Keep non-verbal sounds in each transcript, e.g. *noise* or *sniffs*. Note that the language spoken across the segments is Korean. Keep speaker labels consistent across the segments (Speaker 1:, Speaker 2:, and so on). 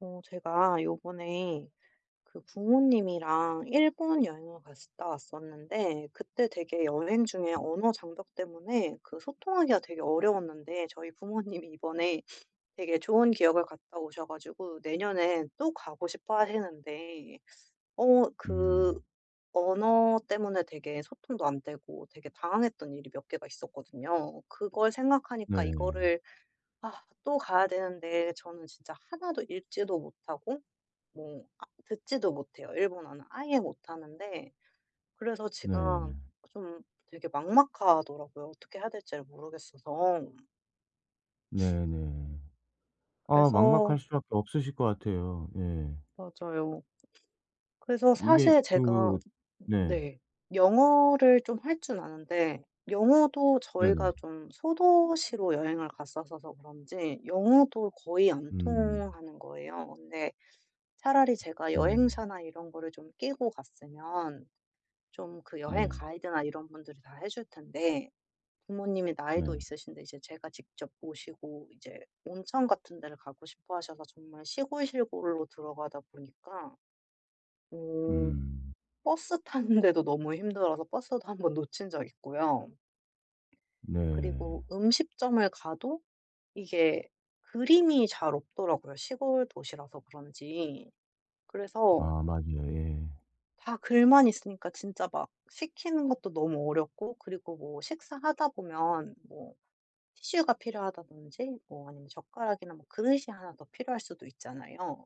Speaker 1: 어 제가 요번에 그 부모님이랑 일본 여행을 갔었다 왔었는데 그때 되게 여행 중에 언어 장벽 때문에 그 소통하기가 되게 어려웠는데 저희 부모님이 이번에 *sniffs* 되게 좋은 기억을 갔다 오셔 가지고 내년에 또 가고 싶어하시는데 어 그
Speaker 2: 음.
Speaker 1: 언어 때문에 되게 소통도 안 되고 되게 당황했던 일이 몇 개가 있었거든요. 그걸 생각하니까
Speaker 2: 네.
Speaker 1: 이거를 아 또 가야 되는데 저는 진짜 하나도 읽지도 못하고 뭐 아 듣지도 못해요 일본어는. 아예 못하는데 그래서
Speaker 2: 네.
Speaker 1: 제가 좀 되게 막막하더라고요, 어떻게 해야 될지를 모르겠어서. *sniffs*
Speaker 2: 네 네. 아
Speaker 1: 그래서
Speaker 2: 막막할 수밖에 없으실 것 같아요. 예.
Speaker 1: 맞아요. 그래서
Speaker 2: 이게
Speaker 1: 사실 제가
Speaker 2: 그 네.
Speaker 1: 네. 영어를 좀 할 줄 아는데 영어도
Speaker 2: 네네.
Speaker 1: 저희가 좀 소도시로 여행을 갔었어서 그런지 영어도 거의 안
Speaker 2: 음.
Speaker 1: 통하는 거예요. 근데 차라리 제가
Speaker 2: 네.
Speaker 1: 여행사나 이런 거를 좀 끼고 갔으면 좀 그 여행
Speaker 2: 네.
Speaker 1: 가이드나 이런 분들이 다 해 줄 텐데 부모님이 나이도
Speaker 2: 네.
Speaker 1: 있으신데 이제 제가 직접 모시고 이제 온천 같은 데를 가고 싶어하셔서 정말 시골, 시골로 들어가다 보니까 어
Speaker 2: 음.
Speaker 1: 버스 타는데도 너무 힘들어서 버스도 1 번 놓친 적 있고요.
Speaker 2: 네.
Speaker 1: 그리고 음식점을 가도 이게 그림이 잘 없더라고요, 시골 도시라서 그런지. 그래서
Speaker 2: 아 맞아요. 예.
Speaker 1: 다 글만 있으니까 진짜 막 시키는 것도 너무 어렵고 그리고 뭐 식사하다 보면 뭐 티슈가 필요하다든지 뭐 아니면 젓가락이나 뭐 그릇이 1 더 필요할 수도 있잖아요.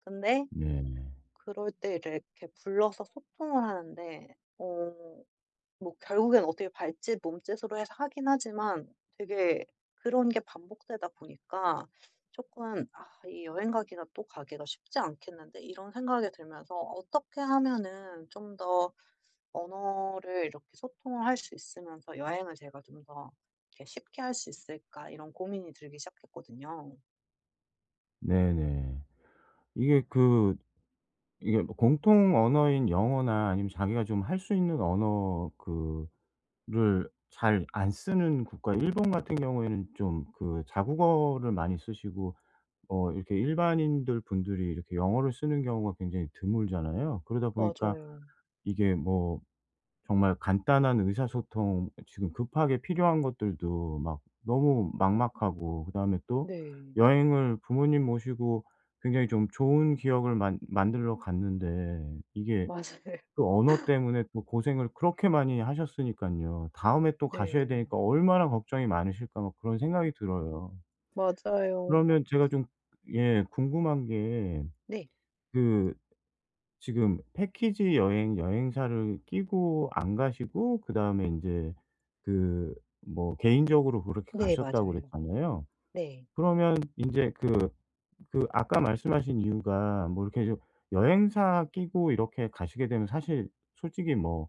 Speaker 1: 근데
Speaker 2: 네네.
Speaker 1: 그럴 때 래 이렇게 불러서 소통을 하는데 어 뭐 결국엔 어떻게 발짓, 몸짓으로 해서 하긴 하지만 되게 그런 게 반복되다 보니까 조금 '아 이 여행 가기가 또 가기가 쉽지 않겠는데?' 이런 생각이 들면서 '어떻게 하면은 좀 더 언어를 이렇게 소통을 할 수 있으면서 여행을 제가 좀 더 이렇게 쉽게 할 수 있을까?' 이런 고민이 들기 시작했거든요.
Speaker 2: 네네. 이게 그 이게 뭐 공통 언어인 영어나 아니면 자기가 좀 할 수 있는 언어 그 를 잘 안 쓰는 국가 일본 같은 경우에는 좀 그 자국어를 많이 쓰시고 어 이렇게 일반인들 분들이 이렇게 영어를 쓰는 경우가 굉장히 드물잖아요? 그러다 보니까
Speaker 1: 맞아요.
Speaker 2: 이게 뭐 정말 간단한 의사소통 어 지금 급하게 필요한 것들도 막 너무 막막하고 그다음에 또
Speaker 1: 네.
Speaker 2: 여행을 부모님 모시고 굉장히 좀 좋은 기억을 만 만들러 갔는데 이게
Speaker 1: 맞아요.
Speaker 2: 그 언어 때문에 또 고생을 그렇게 많이 하셨으니깐요. '다음에 또 가셔야
Speaker 1: 네.
Speaker 2: 되니까 얼마나 걱정이 많으실까.' 막 그런 생각이 들어요.
Speaker 1: 맞아요.
Speaker 2: 그러면 제가 좀 예, 궁금한 게
Speaker 1: 네.
Speaker 2: 그 지금 패키지 여행 여행사를 끼고 안 가시고 그다음에 인제 그 뭐 개인적으로 그렇게
Speaker 1: 네.
Speaker 2: 가셨다고
Speaker 1: 맞아요.
Speaker 2: 그랬잖아요?
Speaker 1: 네.
Speaker 2: 그러면 인제 그 그 아까 말씀하신 이유가 뭐 이렇게 좀 여행사 끼고 이렇게 가시게 되면 사실 솔직히 뭐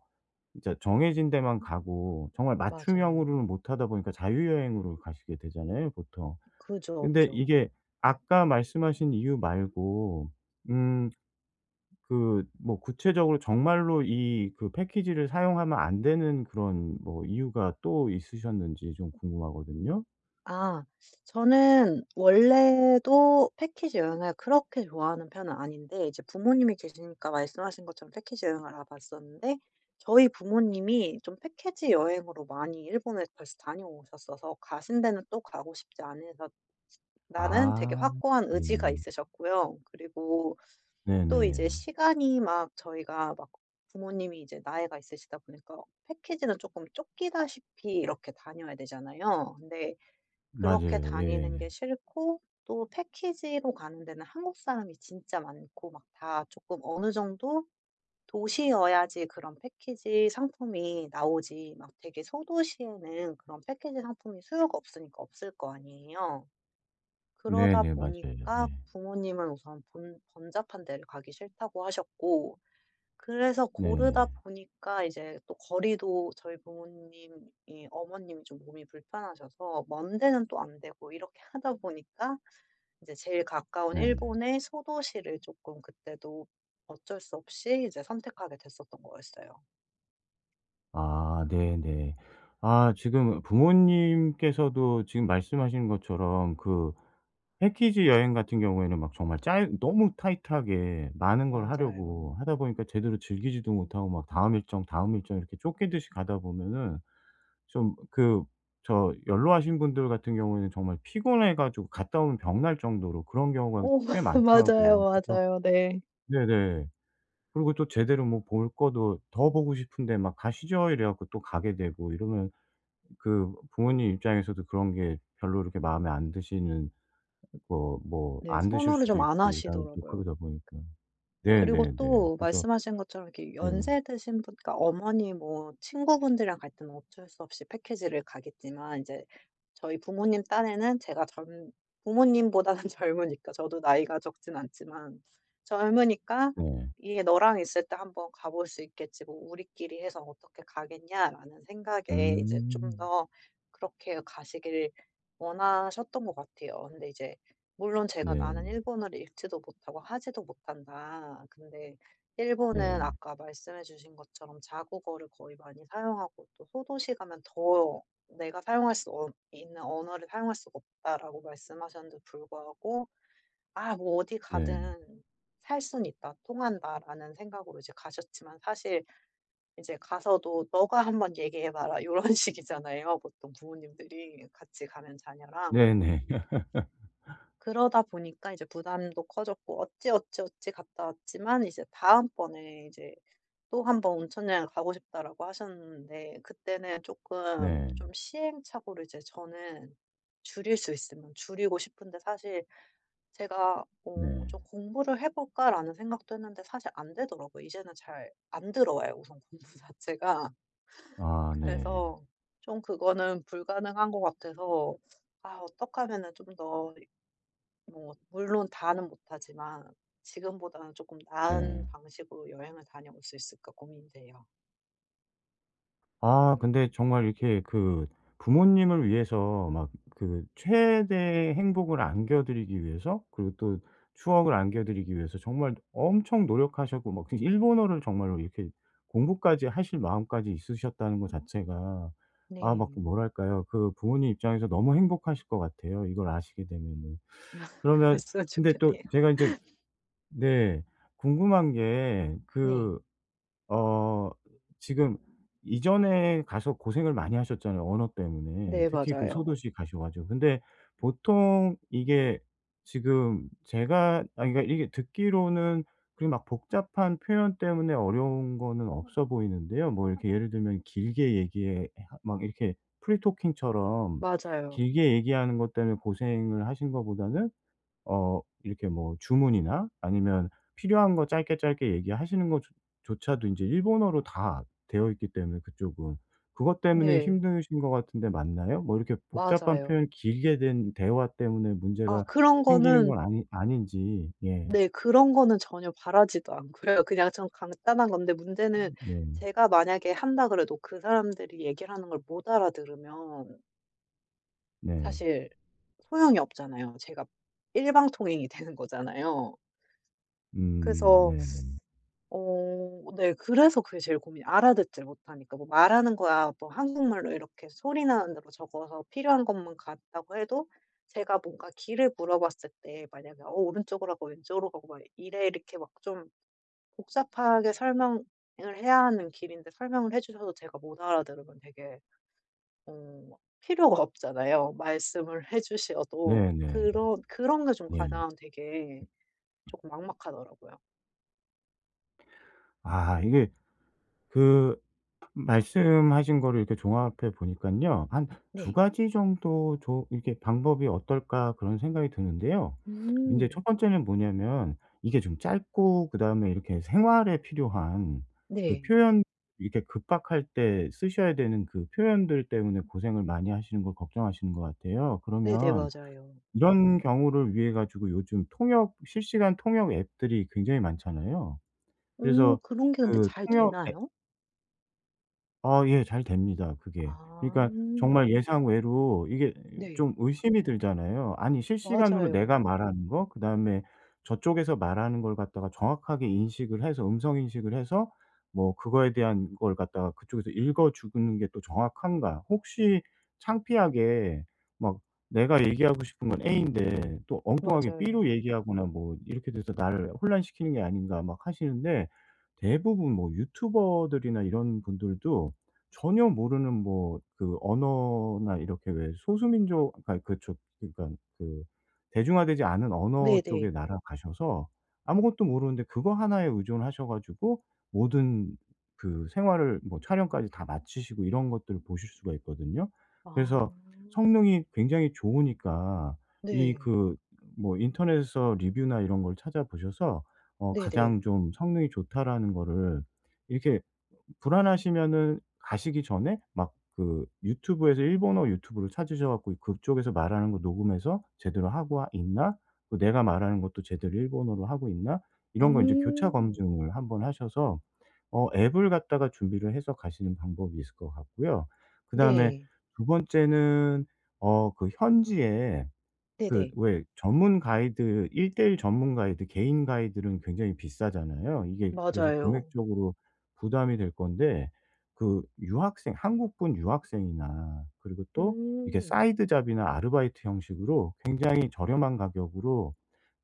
Speaker 2: 진짜 정해진 데만 가고 정말
Speaker 1: 맞아요.
Speaker 2: 맞춤형으로는 못하다 보니까 자유 여행으로 가시게 되잖아요 보통.
Speaker 1: 그죠,
Speaker 2: 근데
Speaker 1: 그죠.
Speaker 2: 이게 아까 말씀하신 이유 말고 음 그 뭐 구체적으로 정말로 이 그 패키지를 사용하면 안 되는 그런 뭐 이유가 또 있으셨는지 좀 궁금하거든요.
Speaker 1: 아. 저는 원래도 패키지 여행을 그렇게 좋아하는 편은 아닌데 이제 부모님이 계시니까 말씀하신 것처럼 패키지 여행을 알아 봤었는데 저희 부모님이 좀 패키지 여행으로 많이 일본에 벌써 다녀오셨어서 가신 데는 또 가고 싶지 않으셨 시다는 되게
Speaker 2: 아.
Speaker 1: 확고한 의지가
Speaker 2: 네네네.
Speaker 1: 있으셨고요. 그리고 *sucks teeth* 또 이제
Speaker 2: 네네.
Speaker 1: 시간이 막 저희가 막 부모님이 이제 나이가 있으시다 보니까 패키지는 쪼끔 쫓기다시피 이렇게 다녀야 되잖아요. 근데 그렇게
Speaker 2: 맞아요.
Speaker 1: 다니는
Speaker 2: 예.
Speaker 1: 게 싫고 또 패키지로 가는 데는 한국 사람이 진짜 많고 막 다 쪼끔 어느 정도 도시여야지 그런 패키지 상품이 나오지 막 되게 소도시에는 그런 패키지 상품이 수요가 없으니까 없을 거 아니에요. 그러다
Speaker 2: 네네 맞아요.
Speaker 1: 보니까
Speaker 2: 예.
Speaker 1: 부모님은 우선 번 "번잡한 데를 가기 싫다."고 하셨고 그래서 고르다
Speaker 2: 네.
Speaker 1: 보니까 이제 또 거리도 저희 부모님이 어머님이 좀 몸이 불편하셔서 먼 데는 또 안 되고 이렇게 하다 보니까 이제 제일 가까운
Speaker 2: 네.
Speaker 1: 일본의 소도시를 쪼끔 그때도 어쩔 수 없이 이제 선택하게 됐었던 거였어요.
Speaker 2: 아. 네네. 아 지금 부모님께서도 지금 말씀하신 것처럼 그 패키지 여행 같은 경우에는 막 정말 짧 너무 타이트하게 많은 걸
Speaker 1: 맞아요.
Speaker 2: 하려고 하다 보니까 제대로 즐기지도 못하고 막 다음 일정, 다음 일정 이렇게 쫓기듯이 가다 보면은 좀 그 저 연로하신 분들 같은 경우에는 정말 피곤해 가지고 갔다 오면 병 날 정도로 그런 경우가
Speaker 1: 어 맞
Speaker 2: 꽤
Speaker 1: 맞아요,
Speaker 2: 많더라고요. 그래서
Speaker 1: 맞아요. 네.
Speaker 2: 네네. 그리고 또 제대로 뭐 볼 것도 더 보고 싶은데 막 "가시죠." 이래 갖고 또 가게 되고 이러면 그 부모님 입장에서도 그런 게 별로 그렇게 마음에 안 드시는 뭐 뭐
Speaker 1: 네.
Speaker 2: 안 드실
Speaker 1: 선호를
Speaker 2: 수도
Speaker 1: 좀 안
Speaker 2: 있고 그다음에 또
Speaker 1: 하시더라고요.
Speaker 2: 그러다 보니까.
Speaker 1: 그리고
Speaker 2: 네네네.
Speaker 1: 또
Speaker 2: 그쵸.
Speaker 1: 말씀하신 것처럼 이렇게
Speaker 2: 예.
Speaker 1: 연세 드신 분 그러니까 어머니 뭐 친구 분들이랑 갈 때는 어쩔 수 없이 패키지를 가겠지만 인제 저희 부모님 딴에는 제가 젊 부모님보다는 젊으니까. 저도 나이가 적진 않지만. 젊으니까
Speaker 2: 네.
Speaker 1: 이게 '너랑 있을 때 한번 가 볼 수 있겠지 뭐 우리끼리 해서 어떻게 가겠냐.'라는 생각에 이제 좀
Speaker 2: 음.
Speaker 1: 더 그렇게 가시길 원하셨던 것 같아요. 근데 이제 물론 제가 나는
Speaker 2: 네.
Speaker 1: 일본어를 읽지도 못하고 하지도 못한다. 근데 일본은
Speaker 2: 네.
Speaker 1: 아까 말씀해 주신 것처럼 "자국어를 거의 많이 사용하고 또 소도시에 가면 더 내가 사용할 수 없 있는 언어를 사용할 수가 없다."라고 말씀하셨는데도 불구하고 '아 뭐 어디
Speaker 2: 네.
Speaker 1: 가든 살 순 있다. 통한다.'라는 생각으로 이제 가셨지만 사실 이제 가서도 "너가 한번 얘기해 봐라." 요런 식이잖아요 보통 부모님들이, 같이 가는 자녀랑.
Speaker 2: 네네. *laughs*
Speaker 1: 그러다 보니까 이제 부담도 커졌고 어찌 어찌 어찌 갔다왔지만 이제 다음 번에 이제 "또 1 번 온천 여행을 가고 싶다."라고 하셨는데 그때는 조금 좀
Speaker 2: 네.
Speaker 1: 시행착오를 이제 저는 줄일 수 있으면 줄이고 싶은데 사실 제가 어
Speaker 2: 네.
Speaker 1: '좀 공부를 해 볼까?'라는 생각도 했는데 사실 안 되더라고요. 이제는 잘 안 들어와요, 우선 공부 자체가.
Speaker 2: 아 네.
Speaker 1: 그래서 좀 그거는 불가능한 것 같아서 아 어떡하면은 좀 더 이 뭐 물론 다는 못하지만 지금보다는 조금 나은
Speaker 2: 네.
Speaker 1: 방식으로 여행을 다녀올 수 있을까 고민이 돼요.
Speaker 2: 아 근데 정말 이렇게 그 부모님을 위해서 막 그 최대의 행복을 안겨 드리기 위해서, 그리고 또 추억을 안겨 드리기 위해서 정말 엄청 노력하셨고 막 그 일본어를 정말로 이렇게 공부까지 하실 마음까지 있으셨다는 거 자체가 아 막 그
Speaker 1: 네.
Speaker 2: 뭐랄까요? 그 부모님 입장에서 너무 행복하실 것 같아요, 이걸 아시게 되면은.
Speaker 1: 아.
Speaker 2: 그러면
Speaker 1: 그랬으면
Speaker 2: 근데 또
Speaker 1: 좋겠네요.
Speaker 2: 제가 이제
Speaker 1: *laughs*
Speaker 2: 네. 궁금한 게
Speaker 1: 네.
Speaker 2: 그 어 지금 이전에 가서 고생을 많이 하셨잖아요, 언어 때문에
Speaker 1: 네
Speaker 2: 특히 그
Speaker 1: 맞아요.
Speaker 2: 소도시 가셔 가지고. 근데 보통 이게 지금 제가 아니 그러니까 이게 듣기로는 그리 막 복잡한 표현 때문에 어려운 거는 없어 보이는데요. 뭐 이렇게 예를 들면 길게 얘기해 해 막 이렇게 free talking처럼
Speaker 1: 맞아요.
Speaker 2: 길게 얘기하는 것 때문에 고생을 하신 거보다는 어 이렇게 뭐 주문이나 아니면 필요한 거 짧게 짧게 얘기하시는 것 조 조차도 인제 일본어로 다 되어 있기 때문에 그쪽은, 그것 때문에
Speaker 1: 네.
Speaker 2: 힘드신 것 같은데 맞나요? 뭐 이렇게 복잡한
Speaker 1: 맞아요.
Speaker 2: 표현이 길게 된 대화 때문에
Speaker 1: 아
Speaker 2: 문제가
Speaker 1: 그런
Speaker 2: 생기는
Speaker 1: 거는
Speaker 2: 건 아니 아닌지 예.
Speaker 1: 네. 그런 거는 전혀 바라지도 않고요. 그냥 좀 간단한 건데 문제는
Speaker 2: 음 네.
Speaker 1: 제가 만약에 한다 그래도 그 사람들이 얘기하는 걸 못 알아 들으면
Speaker 2: 네.
Speaker 1: 사실 소용이 없잖아요. 제가 일방통행이 되는 거잖아요.
Speaker 2: 음.
Speaker 1: 그래서
Speaker 2: 네네.
Speaker 1: *sucks teeth* 어 네. 그래서 그게 제일 고민이에요, 알아듣질 못하니까. 뭐 말하는 거야 뭐 한국말로 이렇게 소리 나는 대로 적어서 필요한 것만 갔다고 해도 제가 뭔가 길을 물어봤을 때 만약에 어 "오른쪽으로 가고 왼쪽으로 가고 막 이래." 이렇게 막 좀 복잡하게 설명을 해야 하는 길인데 설명을 해 주셔도 제가 못 알아들으면 되게 어 필요가 없잖아요, 말씀을 해 주셔도.
Speaker 2: 네네.
Speaker 1: 그런 그런 게 좀
Speaker 2: 네.
Speaker 1: 가장 되게 조금 막막하더라고요.
Speaker 2: 아. 이게 그 말씀하신 거를 이렇게 종합해 보니깐요. 한 '2
Speaker 1: 네.
Speaker 2: 가지 정도 조 이렇게 방법이 어떨까.' 그런 생각이 드는데요. 인제 1
Speaker 1: 음.
Speaker 2: 번째는 뭐냐면 이게 좀 짧고 그다음에 이렇게 생활에 필요한 그
Speaker 1: 네.
Speaker 2: 표현 이렇게 급박할 때 쓰셔야 되는 그 표현들 때문에 고생을 많이 하시는 걸 걱정하시는 것 같아요.
Speaker 1: 네네.
Speaker 2: 그러면
Speaker 1: 맞아요.
Speaker 2: 이런 경우를 위해 가지고 요즘 통역 실시간 통역 앱들이 굉장히 많잖아요.
Speaker 1: 오.
Speaker 2: 그래서
Speaker 1: 그런 게 근데
Speaker 2: 그
Speaker 1: 잘
Speaker 2: 통역 앱
Speaker 1: 되나요?
Speaker 2: 아 예 잘 됩니다 그게.
Speaker 1: 아.
Speaker 2: 그러니까 정말 예상 외로 이게
Speaker 1: 네.
Speaker 2: 좀 의심이 들잖아요. 아니 실시간으로 내가
Speaker 1: 맞아요.
Speaker 2: 말하는 거, 그다음에 저쪽에서 말하는 걸 갖다가 정확하게 인식을 해서 음성 인식을 해서 뭐 그거에 대한 거를 갖다가 그쪽에서 읽어주는 게 또 정확한가? 혹시 창피하게 막 '내가 얘기하고 싶은 건 A인데 또 엉뚱하게 B로
Speaker 1: 맞아요.
Speaker 2: 얘기하거나 뭐 이렇게 돼서 나를 혼란시키는 게 아닌가.' 막 하시는데 대부분 뭐 유튜버들이나 이런 분들도 전혀 모르는 뭐 그 언어나 이렇게 왜 소수 민족 아니 그 저 그러니까는 그 대중화되지 않은 언어
Speaker 1: 네네.
Speaker 2: 쪽의 나라 가셔서 아무것도 모르는데 그거 1 에 의존하셔 가지고 모든 그 생활을 뭐 촬영까지 다 마치시고 이런 것들을 보실 수가 있거든요.
Speaker 1: 아.
Speaker 2: 그래서 성능이 굉장히 좋으니까 이
Speaker 1: 네.
Speaker 2: 그 뭐 인터넷에서 리뷰나 이런 걸 찾아 보셔서 어
Speaker 1: 네네.
Speaker 2: '가장 좀 성능이 좋다.'라는 거를 이렇게 어 불안하시면은 가시기 전에 막 그 유튜브에서 일본어 유튜브를 찾으셔 갖고 '그쪽에서 말하는 거 녹음해서 제대로 하고 하 있나? 그 내가 말하는 것도 제대로 일본어로 하고 있나?' 이런 거 이제 교차
Speaker 1: 음.
Speaker 2: 검증을 한번 하셔서 어 앱을 갖다가 준비를 해서 가시는 방법이 있을 것 같고요. 그다음에
Speaker 1: 네.
Speaker 2: 2 번째는 어 그 현지에 그
Speaker 1: 네네.
Speaker 2: 왜 전문 가이드 1:1 전문 가이드 개인 가이드들은 굉장히 비싸잖아요. 이게 그래서
Speaker 1: 맞아요.
Speaker 2: 금액적으로 부담이 될 건데 그 유학생 한국분 유학생이나 그리고 또 이게
Speaker 1: 음.
Speaker 2: 사이드 잡이나 아르바이트 형식으로 굉장히 저렴한 가격으로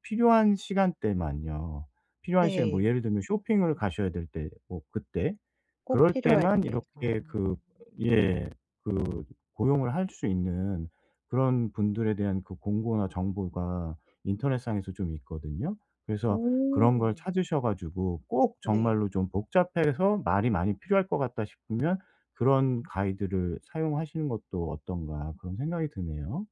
Speaker 2: 필요한 시간대만요, 필요한 시간 뭐
Speaker 1: 네.
Speaker 2: 예를 들면 쇼핑을 가셔야 될 때 뭐 그때
Speaker 1: 꼭
Speaker 2: 그럴
Speaker 1: 필요할
Speaker 2: 때만
Speaker 1: 때. 아.
Speaker 2: 이렇게 그 예. 그 고용을 할 수 있는 그런 분들에 대한 그 공고나 정보가 인터넷상에서 좀 있거든요. 그래서 그런 걸
Speaker 1: 어.
Speaker 2: 찾으셔 가지고 꼭
Speaker 1: 네.
Speaker 2: 정말로 좀 '복잡해서 말이 많이 필요할 것 같다.' 싶으면 '그런 가이드를 사용하시는 것도 어떤가.' 그런 생각이 드네요.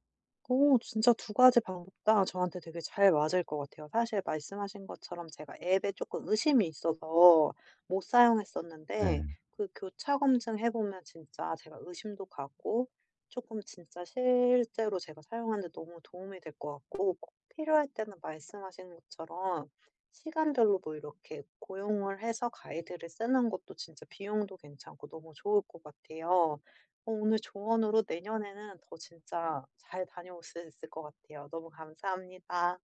Speaker 1: 어. 진짜 2 가지 방법 다 저한테 되게 잘 맞을 것 같아요. 사실 말씀하신 것처럼 제가 앱에 조금 의심이 있어서 못 사용했었는데
Speaker 2: 네.
Speaker 1: 그 교차 검증해 보면 진짜 제가 의심도 가고 조금 진짜 실제로 제가 사용하는 데 너무 도움이 될 것 같고 꼭 필요할 때는 말씀하신 것처럼 시간별로 뭐 이렇게 고용을 해서 가이드를 쓰는 것도 진짜 비용도 괜찮고 너무 좋을 것 같아요. 어 오늘 조언으로 내년에는 더 진짜 잘 다녀올 수 있을 것 같아요. 너무 감사합니다.